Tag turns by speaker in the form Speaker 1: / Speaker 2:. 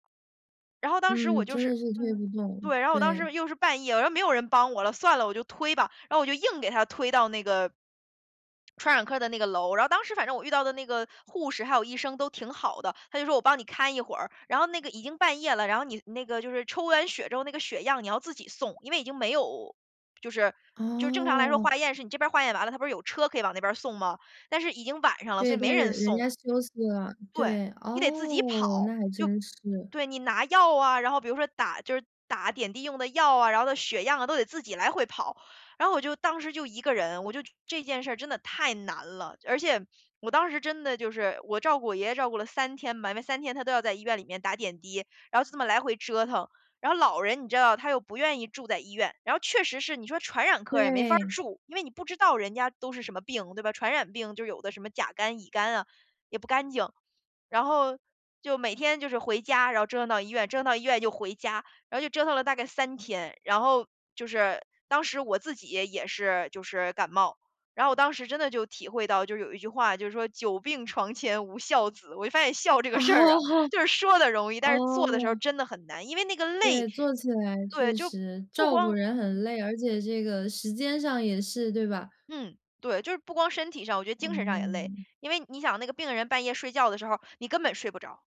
Speaker 1: 然后当时
Speaker 2: 嗯，
Speaker 1: 我就
Speaker 2: 真
Speaker 1: 是
Speaker 2: 的是推
Speaker 1: 嗯。
Speaker 2: 不动，
Speaker 1: 对，然后我当时
Speaker 2: 对。
Speaker 1: 又是半夜，然后没有人帮我了，算了，我就推吧，然后我就硬给他推到那个，传染科的那个楼。然后当时反正我遇到的那个护士还有医生都挺好的，他就说：“我帮你看一会儿。”然后那个已经半夜了，然后你那个就是抽完血之后那个血样你要自己送，因为已经没有就是就是正常来说
Speaker 2: 哦。
Speaker 1: 化验是你这边儿化验完了，它不是有车可以往那边儿送吗，但是已经晚上了，所以
Speaker 2: 对，
Speaker 1: 没
Speaker 2: 但是
Speaker 1: 人
Speaker 2: 人人
Speaker 1: 送。
Speaker 2: 家休息了。
Speaker 1: 对，
Speaker 2: 对，
Speaker 1: 你得自己
Speaker 2: 哦，
Speaker 1: 跑，
Speaker 2: 那还
Speaker 1: 就
Speaker 2: 真是。
Speaker 1: 对，你拿药啊，然后比如说打就是打点滴用的药啊，然后的血样啊，都得自己来回跑。然后我就，当时就一个人，我就这件事儿真的太难了。而且我当时真的就是，我照顾我爷爷照顾了3天嘛，因为3天他都要在医院里面打点滴，然后就这么来回折腾。然后老人，你知道他又不愿意住在医院。然后确实是，你说传染科儿也没法儿
Speaker 2: 对。
Speaker 1: 住，因为你不知道人家都是什么病，对吧。传染病，就是有的什么甲肝、乙肝啊，也不干净。然后，就每天就是回家，然后折腾到医院，折腾到医院就回家，然后就折腾了大概3天。然后，就是，当时我自己也也是就是感冒。然后我当时真的就体会到，就是有一句话就是说久病床前无孝子，我就发现孝这个
Speaker 2: 哦
Speaker 1: 事儿啊，
Speaker 2: 哦。
Speaker 1: 就是说得容易，但是做的时候儿
Speaker 2: 哦。
Speaker 1: 真的很难。因为那个累
Speaker 2: 对，做起来
Speaker 1: 对，
Speaker 2: 确
Speaker 1: 就
Speaker 2: 实。
Speaker 1: 不
Speaker 2: 照顾
Speaker 1: 光
Speaker 2: 人
Speaker 1: 嗯。
Speaker 2: 很累，而且这个时间上也是，对吧？
Speaker 1: 嗯，对，就是不光是身体上，我觉得精神上也累。
Speaker 2: 嗯。
Speaker 1: 因为你想，那个病人半夜睡觉的时候儿，你根本睡不着。